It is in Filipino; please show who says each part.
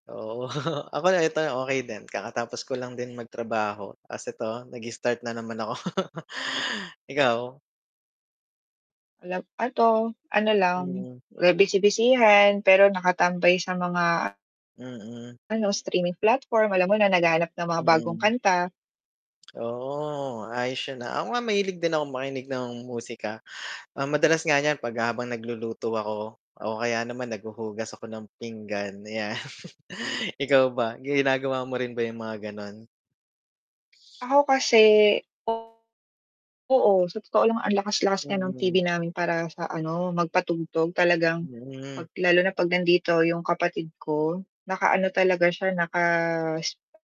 Speaker 1: Oo, ako na ito'y okey din. Kakatapos ko lang din magtrabaho. 'Tas ito, nag-start na naman ako. Ikaw?
Speaker 2: Alam ito, ano, lang,
Speaker 1: Mm.
Speaker 2: wa busy-busyhan, pero nakatambay sa mga
Speaker 1: Mm.
Speaker 2: ano, streaming platform, alam mo na naghahanap ng mga bagong
Speaker 1: Mm.
Speaker 2: kanta.
Speaker 1: Oo, ayos yon, ah. Ako nga mahilig din akong makinig ng musika. Ah, madalas nga niyan 'pag habang nagluluto ako o kaya naman naghuhugas ako ng pinggan 'yan. Ikaw ba ginagawa mo rin ba 'yong mga gano'n?
Speaker 2: Ako kasi, o oo, sa totoo lang ang lakas-lakas nga ng TV
Speaker 1: Mm.
Speaker 2: namin para sa, ano, magpatugtog talagang
Speaker 1: Mm.
Speaker 2: 'pag lalo na 'pag nandito 'yong kapatid ko, nakaano talaga siya, naka s